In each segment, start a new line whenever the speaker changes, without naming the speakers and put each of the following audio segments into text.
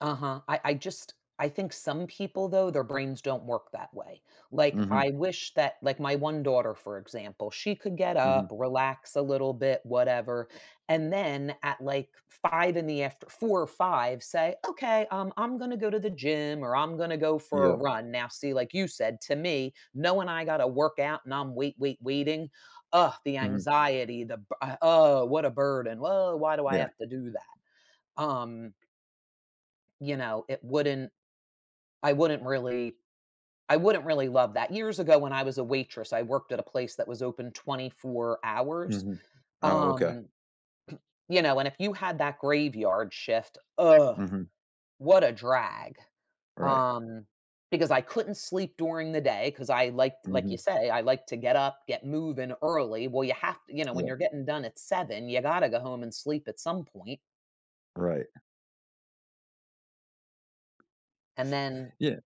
Uh-huh. I I just I think some people, though, their brains don't work that way. Like, I
Mhm.
wish that, like, my one daughter, for example, she could get up,
Mhm.
relax a little bit, whatever, and then, at, like, 5:00 in the after 4:00 or 5:00, say, "Okay, um, I'm gonna go to the gym, or I'm gonna go for a
Yeah.
run." Now, see, like you said, to me, knowing I gotta work out and I'm wait, wait, waiting, ugh, the
Mhm.
anxiety, the b oh, what a burden. Well, why do I
Yeah.
have to do that? Um You know, it wouldn't I wouldn't really I wouldn't really love that. Years ago when I was a waitress, I worked at a place that was open 24 hours,
Mhm. Oh, okay.
um, you know, and if you had that graveyard shift, ugh,
Mhm.
what a drag.
Right.
Um, because I couldn't sleep during the day, 'cause I like like, you
Mhm.
say, I like to get up, get moving early. Well, you have to, you know, when
Yeah.
you're getting done at 7, you gotta go home and sleep at some point.
Right.
And then
Yeah,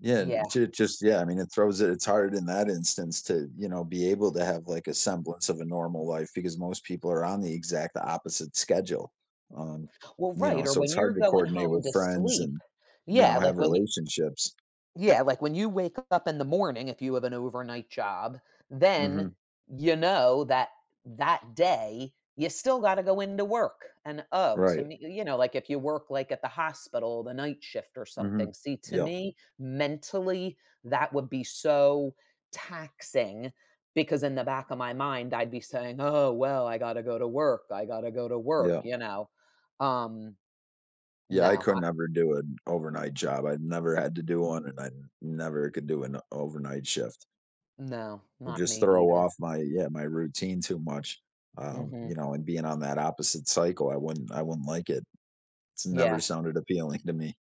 yeah,
Yeah.
j just, yeah, I mean, it throws it it's hard in that instance to, you know, be able to have, like, a semblance of a normal life because most people are on the exact opposite schedule, um,
Well,
you know,
right, or
so it's
when you're
hard to
going
coordinate
home
with
to
friends
sleep,
and, you know,
yeah, like
have
when you
relationships.
Yeah, like, when you wake up in the morning, if you have an overnight job, then
Mhm.
you know that that day, you still gotta go into work. And, oh, to
Right.
me, you know, like, if you work, like, at the hospital, the night shift or
Mhm,
something. See, to
yeah.
me, mentally, that would be so taxing, because in the back of my mind, I'd be saying, "Oh, well, I gotta go to work, I gotta go to work,"
Yeah.
you know. Um
Yeah, I
No,
could
I
never do an overnight job. I've never had to do one, and I never could do an overnight shift.
No, not
Just
me
throw
either.
off my, yeah, my routine too much, um, you
Mhm.
know, and being on that opposite cycle, I wouldn't I wouldn't like it. It's never
Yeah.
sounded appealing to me.